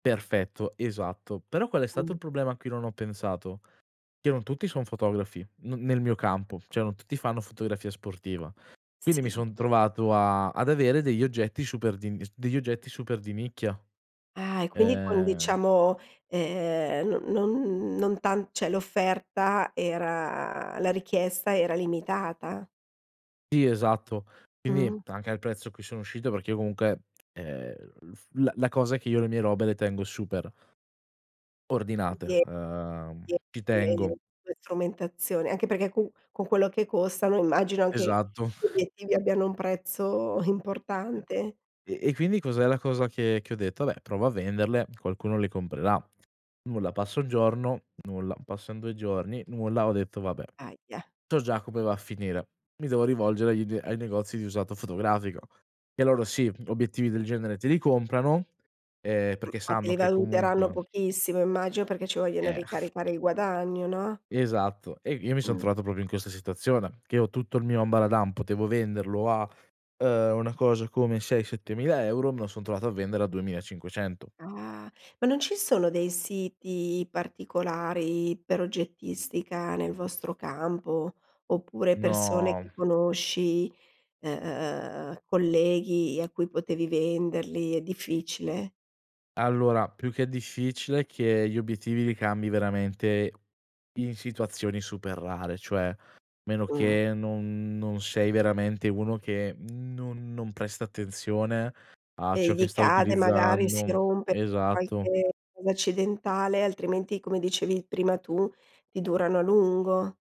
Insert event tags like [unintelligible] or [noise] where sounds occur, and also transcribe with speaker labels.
Speaker 1: Perfetto, esatto. Però qual è stato
Speaker 2: Mh.
Speaker 1: il problema a cui non ho pensato? Che non tutti son fotografi, n nel mio campo; cioè non tutti fanno fotografia sportiva. Quindi mi
Speaker 2: Sì.
Speaker 1: son trovato a ad avere degli oggetti super d'ins degli oggetti super di nicchia.
Speaker 2: Ah, e quindi quin
Speaker 1: Ehm
Speaker 2: diciamo, ehm, no non non tan cioè l'offerta era la richiesta era limitata.
Speaker 1: Sì esatto. Quindi
Speaker 2: Mh-mh.
Speaker 1: anche al prezzo a cui sono uscito, perché io comunque, ehm, l'uf la cosa che io le mie robe le tengo super
Speaker 2: Ci
Speaker 1: ordinate.
Speaker 2: tie
Speaker 1: Uhm, ci tengo.
Speaker 2: [unintelligible] strumentazione, anche perché co con quello che costano immagino anche
Speaker 1: Esatto.
Speaker 2: gli obiettivi abbiano un prezzo
Speaker 1: E
Speaker 2: importante.
Speaker 1: e e quindi cos'è la cosa che che ho detto: "Beh, provo a venderle, qualcuno le comprerà." Nulla. Passa 1 giorno, nulla. Passan 2 giorni, nulla. Ho detto: "Vabbè,
Speaker 2: Ahia.
Speaker 1: so già come va a finire, mi devo rivolgere agli d ai negozi di usato fotografico." E loro, sì, obiettivi del genere te li comprano, ehm,
Speaker 2: M
Speaker 1: perché
Speaker 2: ma
Speaker 1: sanno
Speaker 2: te
Speaker 1: che
Speaker 2: valuteranno
Speaker 1: comunque
Speaker 2: pochissimo immagino, perché ci vogliono
Speaker 1: Eh.
Speaker 2: ricaricare il guadagno, no?
Speaker 1: Esatto, e io mi son
Speaker 2: Mh.
Speaker 1: trovato proprio in questa situazione: che ho tutto il mio ambaradan, potevo venderlo a, uhm, una cosa come 6-7000 €, me lo son trovato a vendere a 2500.
Speaker 2: Ah. Ma non ci sono dei siti particolari per oggettistica nel vostro campo, oppure persone che
Speaker 1: No.
Speaker 2: conosci, e e ehm, colleghi a cui potevi venderli; è difficile?
Speaker 1: Allora più che difficile, che gli obiettivi li cambi veramente in situazioni super rare; cioè, meno
Speaker 2: Mh.
Speaker 1: che non non sei veramente uno che non non presta attenzione a
Speaker 2: E
Speaker 1: ciò che
Speaker 2: gli
Speaker 1: sta
Speaker 2: cade magari, si
Speaker 1: utilizzando.
Speaker 2: rompe
Speaker 1: Esatto.
Speaker 2: qualche un'accidentale, altrimenti, come dicevi prima tu, ti durano a lungo.